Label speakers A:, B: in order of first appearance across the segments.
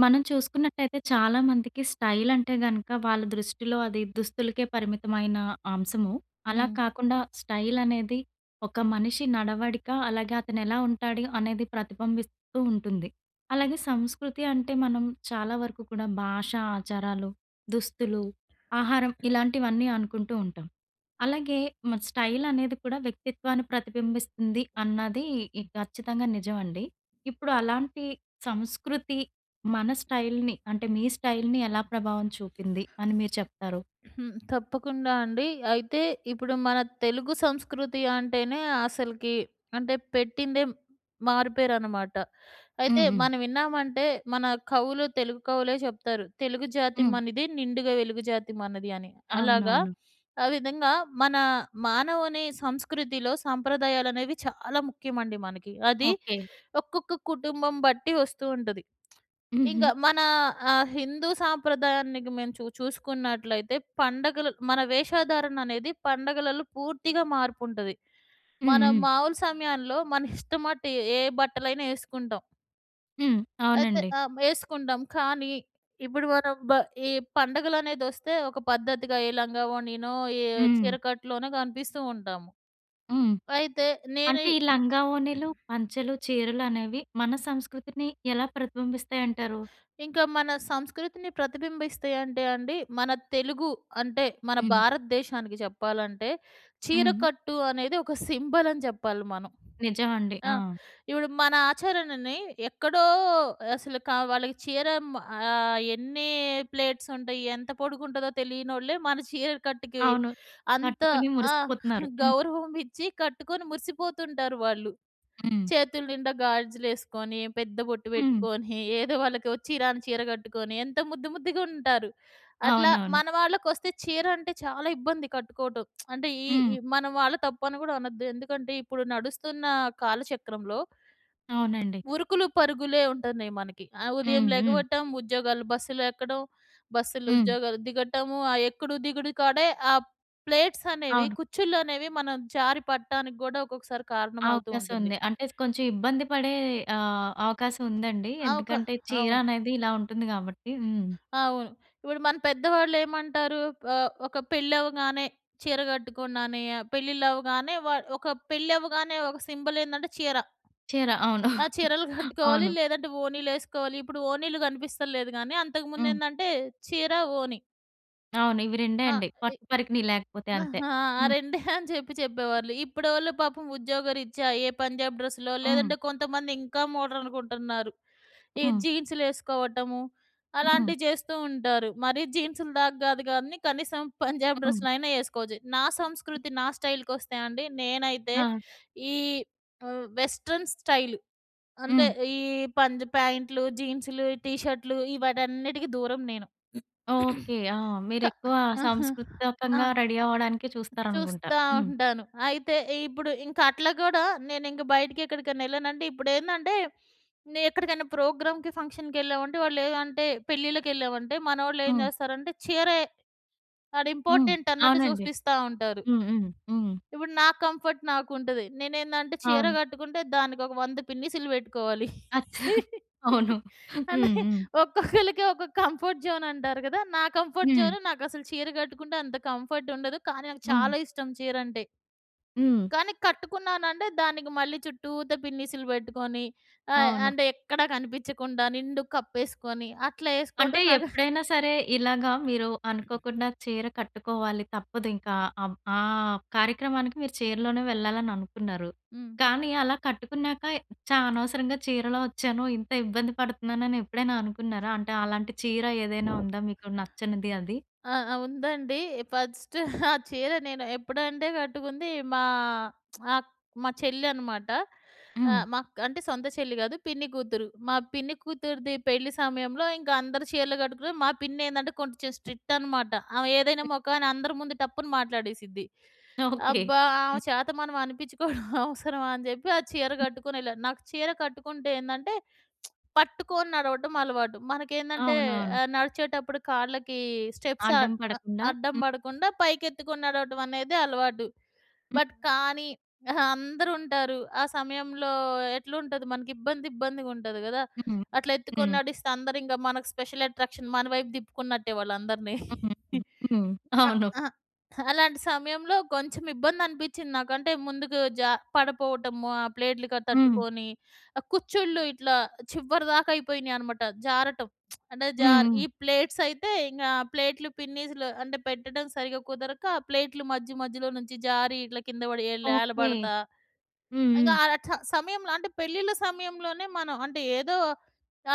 A: మనం చూసుకున్నట్టయితే చాలామందికి స్టైల్ అంటే గనక, వాళ్ళ దృష్టిలో అది దుస్తులకే పరిమితమైన అంశము. అలా
B: హ్మ్.
A: కాకుండా స్టైలనేది ఒక మనిషి నడవడిక, అలాగే అతనెలా ఉంటాడు, అనేది ప్రతిబంబిస్తూ ఉంటుంది. అలాగే సంస్కృతి అంటే మనం చాలా వరకు కూడా భాషా, ఆచారాలు, దుస్తులు, ఆహారం ఇలాంటివన్నీ అనుకుంటూ ఉంటాం. అలాగే మరి స్టైలనేది కూడా వ్యక్తిత్వాన్ని ప్రతిబింబిస్తుంది, అన్నది ఇ ఖచ్చితంగా నిజమండి. ఇప్పుడు అలాంటి సంస్కృతి మన స్టైల్‌ని, అంటే మీ స్టైల్‌ని, ఎలా ప్రభావం చూపింది అని మీరు చెప్తారు?
B: హ్మ్. తప్పకుండా అండి. అయితే ఇప్పుడు మన తెలుగు సంస్కృతి అంటేనే అసలకి అంటే పెట్టిందే మారుపేరనమాట. అయితే
A: హుహు.
B: మనం విన్నామంటే, మన కవులు తెలుగు కవులే చెప్తారు. "తెలుగు జాతి
A: హ్మ్.
B: మనది, నిండుగ వెలుగు జాతి మనది" అని. అలాగా
A: అవునవును.
B: ఆ విధంగా మన మానవుని సంస్కృతిలో, సంప్రదాయాలనేవి చాలా ముఖ్యమండి మనకి. అది
A: ఓకే.
B: ఒక్కొక్క కుటుంబం బట్టి వస్తూ ఉంటది. ఇంకా
A: హుహు.
B: మన ఆహ్, హిందూ సాంప్రదాయానికి మేము చూ చూసుకున్నట్లయితే పండగలు మన వేషధారణనేది, పండగలలో పూర్తిగా మార్పుంటది.
A: హ్మ్.
B: మనం
A: హ్మ్.
B: మామూలు సమయంలో మన ఇష్టమట్టు ఏ ఏ బట్టలైనా ఏసుకుంటాం.
A: హ్మ్.
B: అయితే,
A: అవునండి.
B: ఆహ్, యేసుకుంటాం, కానీ ఇప్పుడు మనం బ ఈ పండగలనేదొస్తే, ఒక పద్ధతిగా ఏ లంగావోణినో, ఏ
A: హ్మ్.
B: చీరకట్టులోనో కనిపిస్తూ ఉంటాము.
A: హ్మ్.
B: అయితే నేనీ
A: అంటే, ఈ లంగావోణీలు, పంచెలు, చీరలు అనేవి మన సంస్కృతిని ఎలా ప్రతిబింబిస్తాయంటారు?
B: ఇంకా మన సంస్కృతిని ప్రతిబింబిస్తేయంటే అండి. మన తెలుగు అంటే, మన
A: హ్మ్.
B: భారతదేశానికి చెప్పాలంటే,
A: హ్మ్.
B: చీరకట్టు అనేది ఒక సింబలని జెప్పాలి మనం.
A: నిజవండి.
B: ఆ!
A: ఆ!
B: ఇప్పుడు మన ఆచరణని ఎక్కడో అసలు కా‌ వాళ్ళకి చీరెం ఆహ్, ఎన్నీ ప్లేట్సుంటాయి, ఎంత పొడుగుంటదో తెలీ‌యనోళ్ళే మన చీర కట్టుకి
A: అవును.
B: అంత
A: కట్టుకుని
B: ఆ!
A: మురిసిపోతున్నారు. హ్మ్.
B: గౌరవం ఇచ్చి కట్టుకొని మురిసిపోతుంటారు వాళ్ళు.
A: హ్మ్.
B: చేతులు నిండా గాజులేసుకొని, పెద్ద బొట్టు
A: హ్మ్.
B: బెట్టుకోని, ఏదో వాళ్ళకి ఒచ్చి, రాని చీర గట్టుకోని ఎంత ముద్దు ముద్దుగుంటారు. అట్లా
A: అవునవును.
B: మన వాళ్ళకొస్తే, చీరంటే చాలా ఇబ్బంది కట్టుకోవటం. అంటే, ఈ ఈ
A: హ్మ్.
B: మన వాళ్ళు తప్పని గూడా అనద్దు. ఎందుకంటే, ఇప్పుడు నడుస్తున్నా కాలచక్రంలో...
A: అవునండి.
B: ఉరుకులు పరుగులే ఉంటున్నాయి మనకి. ఆహ్, ఉదయం
A: హ్మ్. హ్మ్.
B: లెగవటం, ఉద్యోగాలు బస్సులెక్కడం. బస్సులు,
A: హ్మ్.
B: ఉద్యోగాలు దిగటము, ఆ ఎక్కడు దిగుడు కాడే, ఆ ప్లేట్సనేవి,
A: అవును.
B: కుచ్ఛుళ్ళనేవి మనం జారిపడటానికి గూడా ఒక్కొక్కసారి కారణమవుతూ ఉంటుంది.
A: అవకాశవుంది. అంటే, స్ కొంచెం ఇబ్బంది పడే ఆహ్, అవకాశం ఉందండి.
B: ఆ! ఒక
A: ఎందుకంటే,
B: అవును.
A: చీరనేది ఇలా ఉంటుంది గా‌బట్టి. హ్మ్.
B: అవును. ఇప్పుడు మన పెద్దవాళ్ళేమంటారు? ఆహ్, ఒక పెళ్ళవగానే చీర గట్టుకున్నానే, పెళ్ళిల్లవ్వగానే వా ఒక పెళ్ళవ్వగానే ఒక సింబలేందంటే చీర.
A: చీర.
B: ఆ!
A: అవును.
B: చీరలు గట్టుకోవాలి.
A: అవును.
B: లేదంటే, ఓ‌ణీలేసుకోవాలి. ఇప్పుడు ఓణీలు గ‌నిపిస్తల్లేదు గానీ, అంతకు
A: హ్మ్.
B: ముందేందంటే, చీర, ఓణి.
A: అవును. ఇవి రెండే
B: ఆహ్,
A: అండి.
B: ఇ
A: పట్టు పరికిణి లేకపోతే
B: న
A: అంతే.
B: ఆ
A: హ్మ్.
B: రెండే అని చెప్పి చెప్పేవాళ్ళు. ఇప్పుడోళ్ళు పాపం ఉద్యోగరీత్యా ఏ పంజాబ్ డ్రెస్లో,
A: హ్మ్.
B: లేదంటే కొంతమంది ఇంకా మోడర్న్‌గుంటన్నారు. ఈ
A: హ్మ్.
B: జీన్సులేసుకోవటము,
A: హ్మ్.
B: అలాంటివి చేస్తూ ఉంటారు. మరి జీన్సులు దాకా గాదు గానీ కనీసం పంజాబి
A: హ్మ్.
B: డ్రస్సులైనా ఏసుకోవచ్చు. నా
A: హ్మ్.
B: సంస్కృతి, నా స్టైల్‌కొస్తే అండి నేనైతే
A: ఆ!
B: ఈ ఆహ్, వెస్ట్రన్ స్టైలు అంటే,
A: హ్మ్.
B: ఈ పంజ్ ప్యాంట్లు, జీన్సులు ,ఈ టీ షర్టులు ఈ వాటన్నిటికి దూరం నేను.
A: ఓకే. ఆ!
B: క
A: మీరెక్కువ
B: ఆహా! ఆ!
A: సాంస్కృతికంగా రెడీ అవ్వడానికే చూస్తారనుకుంటా.
B: చూస్తా
A: హ్మ్.
B: ఉంటాను. అయితే ఇప్పుడు ఇంక అట్లా గూడా నేనింక బయటికెక్కడికన్నా ఎళ్ళానంటే, ఇప్పుడేందంటే నే ఎక్కడికైనా ప్రోగ్రామ్‌కి, ఫంక్షన్‌కి ఎళ్ళామంటే వాళ్ళేం అంటే పెళ్ళిళ్ళకెళ్ళామంటే, మనోళ్ళు ఏం
A: హ్మ్.
B: జేస్తారంటే చీరే, ఆడ
A: హ్మ్.
B: ఇంపార్టెంట్ అన్నట్టు
A: అవునండి.
B: చూపిస్తా ఉంటారు.
A: హ్మ్. హ్మ్. హ్మ్.
B: ఇప్పుడు నా కంఫర్ట్ నాకుంటది. నేనేందంటే చీర
A: అవును.
B: కట్టుకుంటే, దానికి ఒక వంద పిన్నీసులు పెట్టుకోవాలి.
A: అచ్చ! అవును. హ్మ్.
B: అంటే,
A: హ్మ్.
B: ఒక్కొక్కళ్ళకి ఒక్కొక్క కంఫర్ట్ జోనంటారు గదా! నా కంఫర్ట్
A: హ్మ్.
B: జోను నాకసలు చీర కట్టుకుంటే, అంత కంఫర్ట్ ఉండదు. కాని నాకు
A: హ్మ్.
B: చాలా ఇష్టం చీరంటే.
A: హ్మ్.
B: కానీ కట్టుకున్నానంటే దానికి, మళ్ళీ చుట్టూత పిన్నిసులు పెట్టుకొని ఆహ్,
A: అవును.
B: అంటే ఎక్కడ కనిపించకుండా, నిండుగ కప్పేస్కొని అట్లా
A: అంటే
B: ఏసుకోవటం నాకా
A: ఎప్పుడైనా సరే, ఇలాగా మీరు అనుకోకుండా చీర కట్టుకోవాలి, తప్పదు ఇంకా ఆవ్ ఆహ్, కార్యక్రమానికి మీరు చీరలోనే వెళ్ళాలననుకున్నారు.
B: హ్మ్.
A: కానీ అలా కట్టుకున్నాక ఛా! అనవసరంగా చీరలో ఒచ్చాను. ఇంత ఇబ్బంది పడుతున్నానని ఎప్పుడైనా అనుకున్నారా? అంటే అలాంటి చీర ఏదైనా ఉందా, మీకు నచ్చనిది అది?
B: ఆ! ఆ! ఉందండి. ఫస్ట్ ఆ చీర నేను ఎప్పుడంటే కట్టుకుంది, మా అక్ మా చెల్లి అనమాట.
A: హ్మ్.
B: ఆహ్, మాక్ అంటే సొంత చెల్లి గాదు పిన్ని కూతురు. మా పిన్ని కూతురిది పెళ్లి సమయంలో, ఇంకందరూ చీరలు గట్టుకున్నారు. మా పిన్నేందంటే కొంచెం స్ట్రిక్టన్నమాట. ఆమె ఏదైనా
A: హ్మ్.
B: మొఖాన అందరి ముందు టప్పున మాట్లాడేసిద్ది.
A: ఓకే.
B: అబ్బా! ఆమె
A: హ్మ్.
B: చేత మనం అనిపించుకోవడం అవసరమా అని జెప్పి ఆ చీర
A: హ్మ్.
B: కట్టుకొనెళ్ళాను. నాకు చీర కట్టుకుంటే ఏందంటే, పట్టుకోని నడవడం అలవాటు. మనకేందంటే
A: అవునవును.
B: ఆహ్, నడిచేటప్పుడు కాళ్ళకి స్టెప్స్ అ
A: అడ్డం
B: ఆహ్,
A: పడకుండా.
B: అడ్డం
A: హ్మ్.
B: బడకుండా పైకెత్తుకొని నడవడం అనేది అలవాటు.
A: హ్మ్.
B: బట్
A: హ్మ్.
B: కానీ, ఆహా, అందరూ ఉంటారు. ఆ సమయంలో ఎట్లుంటది మనకి ఇబ్బంది, ఇబ్బందిగుంటది గదా!
A: హ్మ్.
B: అట్లా ఎత్తుకొని
A: హ్మ్.
B: నడిస్తే, అందరు ఇంగ మనకు స్పెషల్ అట్రాక్షన్ మన వైపు దిప్పుకున్నట్టే వాళ్ళుందరిని.
A: హ్మ్. హ్మ్. హ్మ్.
B: ఇంక
A: అవును.
B: అహా, అలాంటి సమయంలో కొంచెం ఇబ్బందనిపించింది నాకు. అంటే ముందుకు జ పడిపోవటము. ఆ ప్లేట్లు క
A: హ్మ్.
B: తట్టుకొని. ఆ కుచ్చిళ్ళు ఇట్లా చివరి దాకా అయిపోయినీయన్నమాట. జారటం. అంటే జార్
A: హుహు.
B: ఈ ప్లేట్సయితే ఇంగ ప్లేట్లు పిన్నీస్లు అంటే పెట్టడం సరిగ్గా కుదరక, ఆ ప్లేట్లు మధ్య, మధ్యలో నుంచి జారి, ఇట్లా కింద పడి ఇట్లా ఎల్
A: ఓకే.
B: ఏలబడతా ఇంగ
A: హుహు.
B: ఆ చ సమయంలో అంటే పెళ్లిళ్ల సమయంలోనే మనం అంటే ఏదో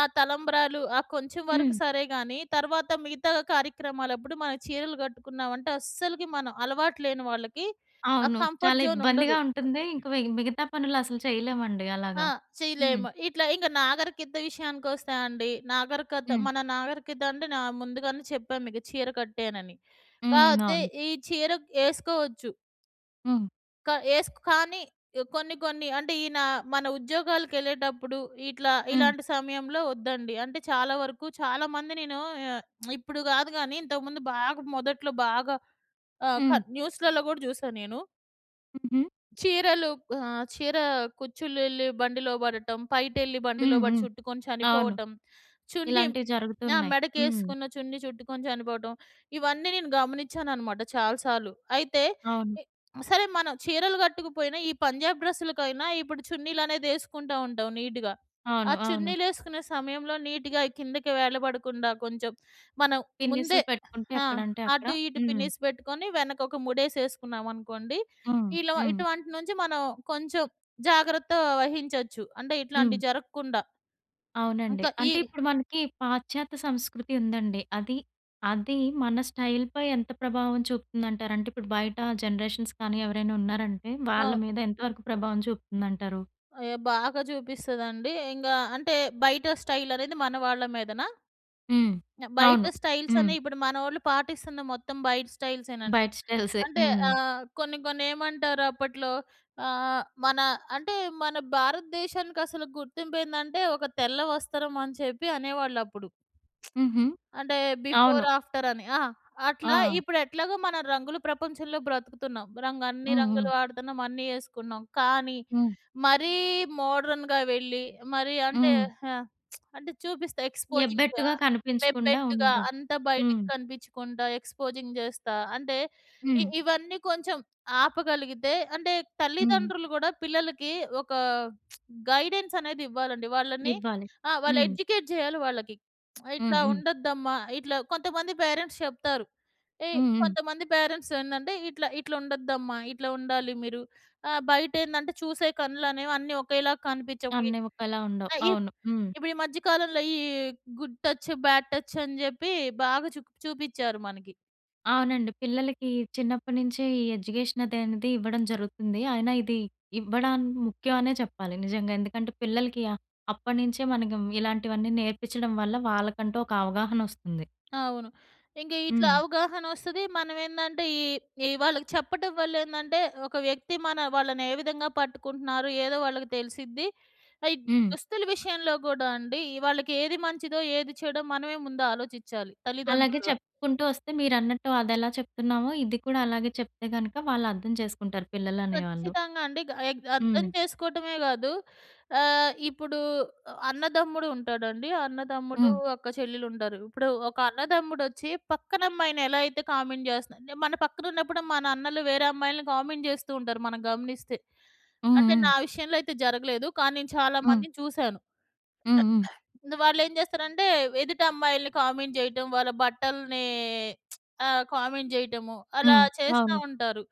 B: ఆ తలంబ్రాలు, ఆ కొంచెం వరకు
A: హ్మ్.
B: సరేగాని, తరువాత మిగతా కార్యక్రమాలప్పుడు మనం చీరలు గట్టుకున్నాం అంటే, అస్సలకి మనం అలవాటు లేని వాళ్ళకి ఆ
A: అవును. చాలా
B: కంఫర్ట్ జోన్
A: ఇబ్బందిగా
B: ఉండదు.
A: ఉంటుంది. ఇంకా పైగా మిగతా పనులు అసలు చేయలేమండి.
B: ఆ!
A: అలాగా. హ్మ్.
B: చేయలేము. ఇట్లా ఇంగ నాగరికత విషయానికొస్తే అండి. నాగరికత
A: హ్మ్.
B: మన నాగరికత అంటే న ముందుగానే చెప్పా మీకు చీర కట్టేనని. కా
A: హుహు.
B: అయితే
A: అవును.
B: ఈ చీర ఎసుకోవచ్చు
A: హ్మ్.
B: క ఎస్కో కానీ కొన్ని, కొన్ని అంటే ఈయన మన ఉద్యోగాలకెళ్ళేటప్పుడు ఇట్లా
A: హ్మ్.
B: ఇలాంటి సమయంలో ఒద్దండి. అంటే చాలా వరకు, చాలా మంది నేను ఆహ్, ఇప్పుడు గాదు గాని ఇంతకు ముందు బాగా మొదట్లో బాగా ఆహ్,
A: హ్మ్.
B: కాదు న్యూస్‌లలో గూడా జూసా నేను.
A: హుహు.
B: చీరలు ఆహ్, చీర కుచ్చిళ్లు ఎళ్లి బండిలో పడటం, పైటెళ్ళి బండిలో
A: హ్మ్.
B: పడి
A: హ్మ్.
B: చుట్టుకొని
A: అవును.
B: చనిపోవటం, చున్‌డిమ్
A: ఇలాంటివి
B: ఆ!
A: జరుగుతున్నాయి. హ్మ్.
B: మెడకేసుకున్న చున్నీ చుట్టుకొని చనిపోవటం, ఇవన్నీ నేను గమనించానన్నమాట చాలా సార్లు. అయితే,
A: అవును.
B: ఎ సరే మనం చీరలు కట్టుకుపోయిన, ఈ పంజాబ్ డ్రెస్‌ల‌కై‌న ఇప్పుడు చున్నీలనే‌ది ఏసుకుంట ఉంటాం నీట్‌గా. ఆ
A: అవును. అవును.
B: చున్నీలు ఏసుకునే సమయంలో నీట్‌గా కిందకి వేలబడకుండా, కొంచెం మనం ముందే
A: పిన్ని‌సు‌లు పెట్టుకుంటే
B: ఆ!
A: ఎక్కడ అంటే, అక్కడ
B: అటు, ఇటు
A: హ్మ్.
B: పిన్నిసి పెట్టుకొని, వెనక ఒక ము‌డేసి ఏసుకున్నామనుకోండి,
A: హ్మ్.
B: ఇలా
A: హ్మ్.
B: ఇటువంటి నుంచి మనం కొంచెం జాగ్రత్త వహించచ్చు. అంటే
A: హ్మ్.
B: ఇట్లాంటివి జరగకుండా.
A: అవునండి.
B: ఇంకా ఈ
A: అంటే ఇప్పుడు మనకి పాశ్చాత్య సంస్కృతి ఉందండి. అది, అది మన స్టైల్ పై ఎంత ప్రభావం చూపుతుందంట‌రు? అంటే, ఇప్పుడు బయట జనరేషన్స్ కానీ ఎవరైనా ఉన్నారంటే, వాళ్ళ
B: అవును.
A: మీద ఎంత వరకు ప్రభావం చూపుతుందంటారు?
B: అయ్యో! బాగా చూపిస్తదండి. ఇంగా అంటే, బయట స్టైల్ అనేది మన వాళ్ళ మీదనా?
A: హ్మ్.
B: బయట
A: అవును.
B: స్టైల్స్
A: హ్మ్.
B: అనే ఇప్పుడు మనోళ్ళు పాటిస్తున్న మొత్తం బయట స్టయిల్సే నండి.
A: బైట స్టైల్సే.
B: అంటే
A: హ్మ్.
B: అహ్, కొన్ని, కొన్ని ఏమంటారు అప్పట్లో? ఆహ్, మన అంటే మన భారతదేశానికి అసలు గుర్తింపు ఏందంటే, ఒక తెల్ల వస్త్రం అని చెప్పి అనేవాళ్ళు అప్పుడు.
A: హుహు.
B: అంటే, బిఫోర్,
A: అవును.
B: ఆఫ్టర్ అని. ఆ! అట్లా
A: ఆ!
B: ఇప్పుడు ఎట్లాగో మన రంగులు ప్రపంచంలో బ్రతుకుతున్నాం. రంగ్ అన్ని
A: హ్మ్. హ్మ్.
B: రంగులు వాడుతున్నాం అన్నీ ఏసుకున్నాం. కానీ,
A: హ్మ్.
B: మరీ మోడర్న్‌గా వెళ్ళి, మరి అంటే
A: హ్మ్.
B: ఆ! అంటే చూపిస్తా, ఎ‌క్స్‌పోజింగ్‌గా
A: ఎబ్బెట్టుగా కనిపించకుండా
B: ఎబ్బెట్టుగా
A: ఉండా
B: అంతా బయటకి
A: హ్మ్.
B: కనిపించకుండా ఎక్స్‌పోజింగ్ చేస్తా, అంటే ఇ
A: హ్మ్.
B: ఇవన్నీ కొంచెం ఆపగలిగితే అంటే
A: హ్మ్.
B: తల్లిదండ్రులు కూడా, పిల్లలకి ఒక గైడెన్స్ అనేది ఇవ్వాలండి. వాళ్ళని
A: ఇవ్వాలి.
B: ఆహ్, వాళ్ళు
A: హ్మ్.
B: ఎడ్యుకేట్ చేయాలి వాళ్ళకి.
A: హ్మ్.
B: ఇట్లా
A: హ్మ్.
B: ఉండొద్దమ్మా ఇట్లా కొంతమంది పేరెంట్స్ చెప్తారు. ఎ
A: హ్మ్. హ్మ్.
B: కొంతమంది పేరెంట్స్ ఏందంటే, ఇట్లా, ఇట్లా ఉండద్దమ్మా, ఇట్లా ఉండాలి మీరు ఆ! బయట ఏందంటే, చూసే కన్నులనేవి అన్నీ ఒకేలాగా కనిపించవు వై
A: అన్ని ఒకేలా ఉండవు.
B: ఆహ్, ఇప్
A: అవును. హ్మ్.
B: ఇప్పుడు ఈ మధ్య కాలంలో ఈ గుడ్ టచ్, బాడ్ టచ్ అని చెప్పి బాగా చూ‌ప్ చూపించారు మనకి.
A: అవునండి పిల్లలకి చిన్నప్పటినుంచే ఈ ఎడ్యుకేషన్ అది అనేది ఇవ్వడం జరుగుతుంది. అయినా ఇది ఇవ్వడాం ముఖ్యమనే చెప్పాలి. నిజంగా ఎందుకంటే పిల్లలకి అ అప్పటినుంచే మనకి ఇలాంటివన్నీ నేర్పించడం వల్ల వాళ్ళకంటూ ఒక అవగాహనొస్తుంది.
B: అవును. ఇంకా ఇట్లా
A: హ్మ్.
B: అవగాహనొస్తది. మనం ఏందంటే ఈ ఈ వాళ్ళకి చెప్పటం వల్ల ఏందంటే ఒక వ్యక్తి మన వాళ్ళనే విధంగా పట్టుకుంటున్నారో ఏదో వాళ్ళకి తెలిసిద్ది. ఆ ఈ
A: హ్మ్.
B: దుస్తుల విషయంలో కూడా అండి వాళ్ళకేది మంచిదో, ఏది చెడో మనమే ముందు ఆలోచిచాలి
A: అలాగే
B: తల్లిదండ్రులుగా.
A: చెప్పుకుంటూ వస్తే మీరన్నట్టు అదెలా చెప్తున్నామో ఇది కూడా అలాగే చెప్తే గనుక వాళ్ళు అర్థం జేసుకుంటారు పిల్లలనేవాళ్ళు.
B: ఖచ్చితంగా అండి. గ ఎ అర్థం
A: హ్మ్.
B: చేసుకోవటమే గాదు. ఆహ్, ఇప్పుడు అన్నదమ్ముడు ఉంటాడండి. అన్నదమ్ముడు
A: హ్మ్.
B: ఒక చెల్లెలు ఉండారు. ఇప్పుడు ఒక అన్నదమ్ముడొచ్చి పక్కన అమ్మాయిని ఎలా అయితే కామెంట్ జేస్తున్నా మన పక్కన ఉన్నప్పుడె మన అన్నలు వేరే అమ్మాయిల్ని కామెంట్ జేస్తూ ఉంటారు మనం గమనిస్తే.
A: హ్మ్,
B: అంటే
A: హ్మ్.
B: నా విషయంలో అయితే జరగలేదు. కానీ నేను చాలా
A: హ్మ్.
B: మందిని చూసాను.
A: హ్మ్, హ్మ్.
B: వాళ్ళు ఏం చేస్తారంటే ఎదుటమ్మాయిల్ని కామెంట్ జేయటం, వాళ్ళ బట్టల్ని ఆహ్, కామెంట్ జేయటము అలా
A: హ్మ్.
B: చేస్తా
A: అవును.
B: ఉంటారు.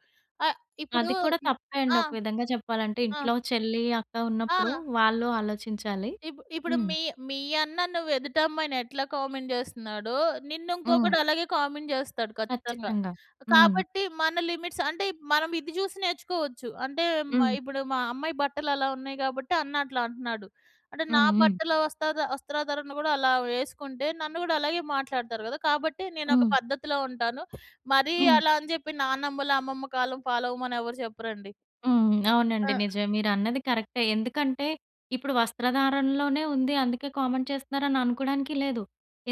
B: ఆ ఇప్పుడు
A: అది కూడా
B: హ్మ్,
A: తప్పే అండి
B: ఆ!
A: ఒక విధంగా చెప్పాలంటే
B: ఆ!
A: ఇంట్లో చెల్లి, అక్క ఉన్నప్పుడు
B: ఆ!
A: వాళ్ళు ఆలోచించాలి.
B: ఇప్పు ఇప్పుడు
A: హ్మ్.
B: మీ మీ అన్న నువ్వు ఎదుట అమ్మాయిని ఎట్లా కామెంట్ జేస్తున్నాడో, నిన్ను
A: హ్మ్.
B: ఇంకొకడు అలాగే కామెంట్ జేస్తాడు ఖచ్చితంగా.
A: కచ్చితంగా. హ్మ్.
B: కాబట్టి మన లిమిట్స్ అంటే మనం ఇది జూసి నేర్చుకోవచ్చు. అంటే మ
A: హ్మ్.
B: ఇప్పుడు మా అమ్మాయి బట్టలు అలా ఉన్నాయి కాబట్టి అన్న అట్లా అంటున్నాడు. అంటే నా
A: హ్మ్, హ్మ్.
B: బట్టల వస్తద వస్త్రాధారణ కూడా అలా వేసుకుంటే నన్ను కూడా అలాగే మాట్లాడుతారు గదా! కాబట్టి నేనొక
A: హ్మ్.
B: పద్ధతిలో ఉంటాను. మరి
A: హ్మ్.
B: అలా అని జెప్పి నానమ్మలు, అమ్మమ్మ కాలం ఫాలో అవ్వమని ఎవరు చెప్పరండి.
A: హ్మ్. అవునండి.
B: ఆ!
A: నిజమే మీరన్నది కరెక్టే. ఎందుకంటే ఇప్పుడు వస్త్రధారణలోనే ఉంది. అందుకే కామెంట్ చేస్తున్నారు అని అనుకోవడానికీ లేదు.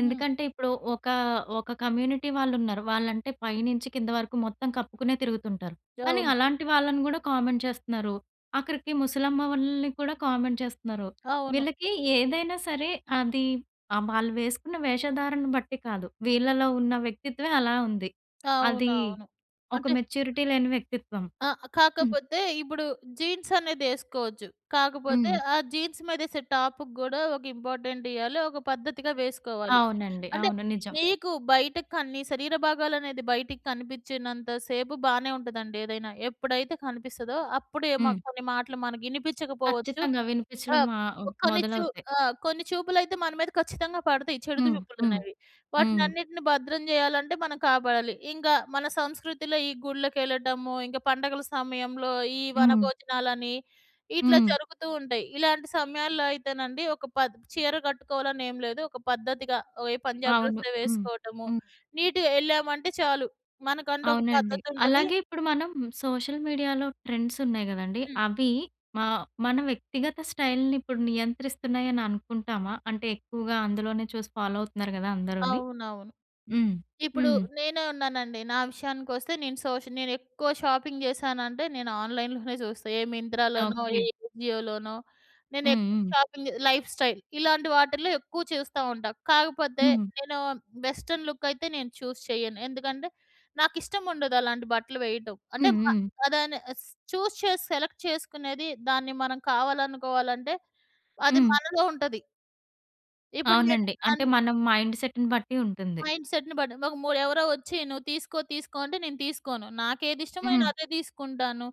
B: హ్మ్.
A: ఎందుకంటే ఇప్పుడు ఒకా, ఒక కమ్యూనిటీ వాళ్ళున్నారు. వాళ్ళంటే పై నుంచి కింద వరకు మొత్తం కప్పుకునే తిరుగుతుంటారు. కానీ
B: అవును.
A: అలాంటి వాళ్ళని గూడా కామెంట్ చేస్తున్నారు. ఆఖరికి ముసలమ్మ వాళ్ళని కూడా కామెంట్ చేస్తున్నారు.
B: అవును.
A: వీళ్ళకి ఏదైనా సరే అది ఆహ్, వాళ్ళు వేసుకున్న వేషధారణను బట్టి కాదు. వీళ్ళలో ఉన్న వ్యక్తిత్వమే అలా ఉంది. అది
B: అవునవును.
A: ఒక
B: అంటే
A: మెచ్యూరిటీ లేని వ్యక్తిత్వం.
B: ఆ!
A: హుహు.
B: కాకపోతే ఇప్పుడు జీన్స్ అనేదేసువచ్చు. కాకపోతే
A: హ్మ్.
B: ఆ జీన్స్ మీదేసే టాప్‌కి గూడా ఒక ఇంపార్టెంట్ ఇయ్యాలి. ఒక పద్ధతిగా వేసుకోవాలి.
A: అవునండి.
B: అంటే
A: అవును. నిజం.
B: మీకు బయటకి కని నీ శరీర భాగాలనేది బయటకి కనిపిచ్చనంత సేపు బానే ఉంటదండి. ఏదైనా ఎప్పుడైతే కనిపిస్తదో అప్పుడే
A: హ్మ్.
B: మాక్ కొన్ని మాటలు మనకినిపిచ్చకపోవచ్చు.
A: ఖచ్చితంగా వినిపిచ్చడం
B: ఆహ్,
A: మా
B: ప్ కొన్ని చు
A: మొదలవుతాయి.
B: ఆ! కొన్ని చూపులైతే మన మీద ఖచ్చితంగా పడతాయి చెడు
A: హ్మ్. హ్మ్.
B: చూపులనేవి.
A: హ్మ్.
B: వాటినన్నిటిని భద్రం జేయాలంటే మనం కాపాడాలి. ఇంగ మన సంస్కృతిలో ఈ గుళ్ళకెళ్ళటము, ఇంకా పండగల సమయంలో ఈ
A: హ్మ్.
B: వనభోజనాలని ఇట్లా
A: హ్మ్.
B: జరుగుతూ ఉంటాయి. ఇలాంటి సమయాల్లో అయితేనండి ఒక పద్ చీర కట్టుకోవాలనేం లేదు ఒక పద్ధతిగా ఏ పంజాబ్
A: అవును.
B: డ్రెస్సో
A: హ్మ్.
B: వేసుకోవటము
A: హ్మ్.
B: నీట్‌గా యెళ్ళామంటే చాలు. మనకంటూ ఒక
A: అవునండి.
B: పద్ధతుంటది
A: అలాగే ఇప్పుడు మనం సోషల్ మీడియాలో ట్రెండ్సున్నాయి గదండీ!
B: హ్మ్.
A: అవి మా మన వ్యక్తిగత స్టైల్‌ని ఇప్పుడు నియంత్రిస్తున్నాయని అనుకుంటామా? అంటే ఎక్కువగా అందులోనే చూసి ఫాలో అవుతున్నారు గదా! అందరూని.
B: అవునవును.
A: హ్మ్.
B: ఇప్పుడు
A: హ్మ్.
B: నేనే ఉన్నానండి నా విషయానికొస్తే నేను సోష్ నేనెక్కువ షాపింగ్ జేశానంటే నేను ఆన్‌లైన్‌లోనే చూస్తా ఏ 'మింత్రాలోనో', ఏ
A: ఓకే.
B: 'ఏజియో‌లోనో'
A: హ్మ్.
B: నేనెక్కువ
A: హ్మ్.
B: షాపింగ్ జే 'లైఫ్ స్టైల్'. ఇలాంటి వాటిల్లో ఎక్కువ చూస్తా ఉంటా. కాకపోతే
A: హ్మ్.
B: నేను వెస్టన్ లుక్ అయితే నేను చూస్ చేయను. ఎందుకంటే నాకిష్టం ఉండదు అలాంటి బట్టలు వేయటం. అంటే
A: హ్మ్.
B: మ
A: హ్మ్.
B: దాన్ని చూస్ చేసి సెలెక్ట్ చేసుకునేది దాన్ని మనం కావాలనుకోవాలంటే అది
A: హ్మ్.
B: మనలో ఉంటది. ఇప్పుడు నేను
A: అవునండి. అంటే
B: అన్
A: మన మైండ్ సెట్‌ని బట్టి ఉంటుంది.
B: మైండ్సెట్‌ని బట్టి వ మొ ఎవరో వచ్చి నువ్వు తీసుకో తీసుకో అంటే నేను తీస్కోను. నాకెదిష్టమో నేను
A: హ్మ్.
B: అదే తీసుకుంటాను.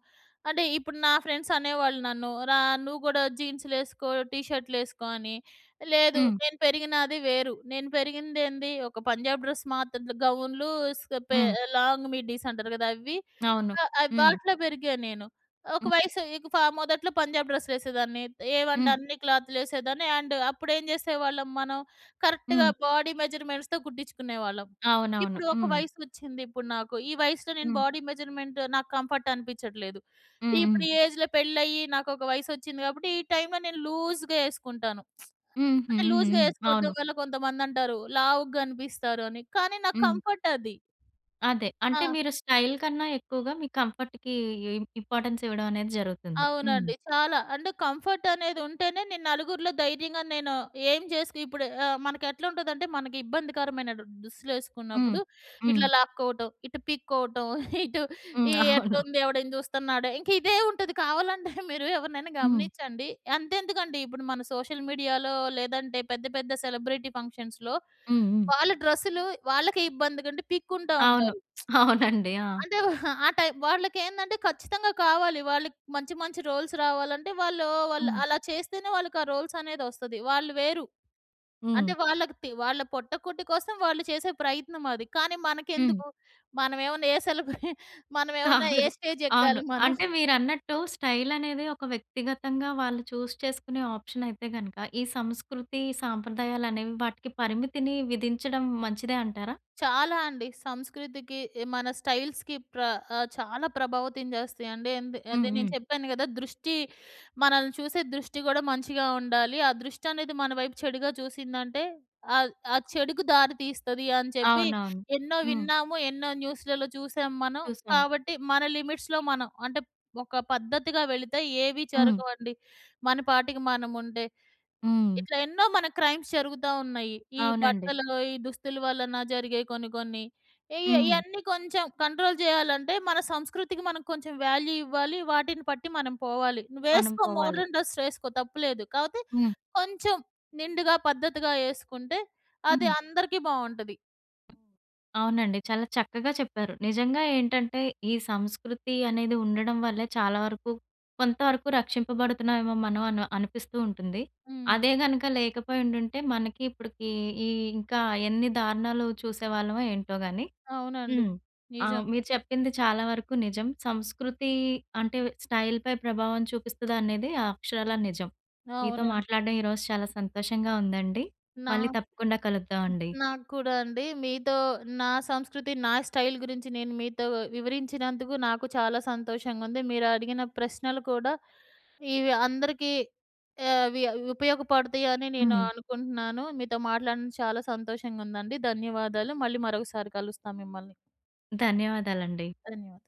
B: అంటే ఇప్పుడు నా ఫ్రెండ్స్ అనేవాళ్ళు నన్ను "రా నువ్వు కూడా జీన్సులు ఎస్కో. టి షర్టులు ఎస్కో" అని. లేదు.
A: హ్మ్.
B: నేను పెరిగినాది వేరు. నేను పెరిగిందేంది ఒక పంజాబ్ డ్రెస్ మాత్ర త గౌన్లు స్ పే
A: హ్మ్.
B: లాంగ్ మిడ్డీస్ అంటారు గదా! అవి.
A: అవును.
B: ఆహ్, ఆహ్,
A: హ్మ్.
B: వాటిలో పెరిగా నేను. ఒక
A: హ్మ్.
B: వయసు ఇక ఫ మొదట్లో పంజాబ్ డ్రెస్సు వెసేదాన్ని. త్ ఏవంటె
A: హ్మ్.
B: అన్ని క్లాతులు ఎసేదాన్ని అండ్ అప్పుడు ఏం చేసేవాళ్ళం మనం కరెక్ట్‌గా
A: హ్మ్.
B: బాడీ మెజర్‌మెంట్స్‌తో కుట్టించుకునేవాళ్ళం.
A: అవునవును.
B: ఇప్పుడు ఒక
A: హ్మ్.
B: వయసు వచ్చింది ఇప్పుడు నాకు. ఈ వయసులో నేను
A: హ్మ్.
B: బాడీ మెజర్‌మెంట్ నాకు కంఫర్ట్ అనిపించట్లేదు.
A: హ్మ్, హ్మ్.
B: ఇప్పుడు ఈ ఏజ్‌‌లో పెళ్లి అయ్యి నాకు ఒక వయస్సు ఒచ్చింది కాబట్టి ఈ టైంలో నేను లూజ్‌‌గా ఏసుకుంటాను.
A: హుహు.
B: అంటే
A: హ్మ్,
B: లూజ్‌గా
A: హ్మ్.
B: ఎసుకోవడం
A: అవును.
B: వల్ల కొంతమందంటారు. లావుగా కనిపిస్తారు అని! కానీ నాకు
A: హ్మ్.
B: కంఫర్ట్ అది.
A: అదే. అంటే
B: ఆ!
A: మీరు స్టైల్ కన్నా ఎక్కువగా మీ కంఫర్ట్‌కి ఇ ఇంపార్టెన్స్ ఇవ్వడమనేది జరుగుతుంది. హ్మ్.
B: అవునండి. చాలా. అండ్ కంఫర్ట్ అనేది ఉంటేనే నేను నలుగురిలో ధైర్యంగా నేను ఏం జేసికి ఇప్పుడు ఆహ్, మనకెట్లుంటదంటే మనకి ఇబ్బందికరమైన దు
A: హ్మ్.
B: దుస్తులేసుకున్నప్పుడు
A: హ్మ్.
B: ఇట్లా లాక్కోవటం! ఇటు పిక్కోవటం! ఇటు
A: హ్మ్.
B: ఈ
A: అవును.
B: ఎట్లుంది? ఎవడైనా చూస్తున్నాడ? ఇంక ఇదే ఉంటది. కావాలంటే మీరు ఎవరినైనా
A: హ్మ్.
B: గమనించండి. అంతెందుకండీ ఇప్పుడు మన సోషల్ మీడియాలో లేదంటే పెద్ద పెద్ద సెలబ్రిటీ ఫంక్షన్స్‌లో
A: హ్మ్, హ్మ్.
B: వాళ్ళ డ్రెస్సులు వాళ్ళకే ఇబ్బందిగా ఉండి పిక్కుంటా
A: అవును.
B: ఉంటారు.
A: అవునండి. ఆ!
B: అంటే ఆ టైమ్ వాళ్ళకేందంటే ఖచ్చితంగా కావాలి. వాళ్ళకి మంచి మంచి రోల్స్ రావాలంటే వాళ్ళు వాళ్ళు
A: హ్మ్.
B: అలా చేస్తేనే వాళ్ళకి ఆ రోల్సనేది వస్తది. వాళ్ళు వేరు.
A: హ్మ్.
B: అంటే వాళ్ళకి తి వాళ్ళ పొట్ట కుట్టి కోసం వాళ్ళు చేసే ప్రయత్నం అది. కానీ
A: హ్మ్.
B: మనకెందుకు? మనమేమన్నా ఏ సెలబ్ర మనమేమన్నా
A: కాదు.
B: ఏ స్టేజ్
A: అవును.
B: ఎక్కాలి మనం.
A: అంటే మీరన్నట్టు స్టైలనేది ఒక వ్యక్తిగతంగా వాళ్ళు చూజ్ చేసుకునే ఆప్షనయితే గనక ఈ సంస్కృతి, సంప్రదాయాలనేవి వాటికి పరిమితిని విధించడం మంచిదే అంటారా?
B: చాలా అండి. సంస్కృతికి మన స్టైల్స్‌కి ప్ర ఆహ్, చాలా ప్రభావితం చేస్తాయండి. ఎందు
A: హ్మ్,
B: అదే నేను
A: హ్మ్.
B: చెప్పాను గదా! దృష్టి మనల్ని చూసే దృష్టి కూడా మంచిగా ఉండాలి. ఆ దృష్టనేది మన వైపు చెడుగా చూసిందంటే ఆహ్, ఆ చెడుకి దారి తీస్తది అని చెప్పి
A: అవునవును.
B: ఎన్నో
A: హ్మ్.
B: విన్నాము. ఎన్నో న్యూస్‌లలో చూసాం మనం.
A: చూసాం.
B: కాబట్టి మన లిమిట్స్‌లో మనం. అంటే ఒక పద్ధతిగా వెళితే ఏవి
A: హ్మ్.
B: జరగవండి. మన పాటికి మనం ఉంటె.
A: హ్మ్.
B: ఇట్లా ఎన్నో మన క్రైమ్స్ జరుగుతా ఉన్నాయి. ఈ
A: అవునండి.
B: బట్టలు, ఈ దుస్తుల వలన జరిగే కొన్ని కొన్ని. ఈ య
A: హ్మ్.
B: ఇయన్నీ కొంచెం కంట్రోల్ జేయాలంటే మన సంస్కృతికి మనం కొంచెం వాల్యూ ఇవ్వాలి. వాటిని పట్టి మనం పోవాలి.
A: మనం
B: నువ్వేస్కో
A: పోవాలి.
B: మోడర్న్ డ్రెస్ ఎస్కో తప్పు లేదు. కాపోతే
A: హ్మ్.
B: కొంచెం నిండుగా పద్ధతిగా ఏసుకుంటే అది
A: హ్మ్.
B: అందరికి బావుంటది.
A: అవునండి. చాలా చక్కగా చెప్పారు. నిజంగా ఏంటంటే ఈ సంస్కృతి అనేది ఉండడం వల్లే చాలా వరకు కొంతవరకు రక్షింపబడుతున్నామో మనం అను అనిపిస్తూ ఉంటుంది.
B: హ్మ్.
A: అదే గనక లేకపోయుండుంటే మనకి ఇప్పటికి ఈ ఇంకా ఎన్ని దారుణాలు చూసేవాళ్ళమో ఏంటో గానీ.
B: అవునండి.
A: హ్మ్. ఆహ్,
B: నిజం.
A: మీరు చెప్పింది చాలా వరకు నిజం. సంస్కృతి అంటే స్టైల్‌పై ప్రభావం చూపిస్తదా అనేది అక్షరాల నిజం. మీతో
B: అవునా!
A: మాట్లాడడం ఈరోజు చాలా సంతోషంగా ఉందండి. మళ్ళీ
B: నాక్
A: తప్పకుండా
B: హ్మ్,
A: కలుద్దామండి.
B: నాకు కూడా అండి. మీతో నా సంస్కృతి నా స్టైల్ గురించి నేను మీతో వివరించినందుకు నాకు చాలా సంతోషంగా ఉంది. మీరు అడిగిన ప్రశ్నలు కూడా ఇవి అందరికి ఆహ్, అవి ఉపయోగపడతాయని నేను
A: హ్మ్.
B: అనుకుంటున్నాను. మీతో మాట్లాడడం చాలా సంతోషంగా ఉందండి. ధన్యవాదాలు. మళ్ళీ మరొకసారి కలుస్తా మిమ్మల్ని.
A: ధన్యవాదాలండి.
B: ధన్యవాదాలు.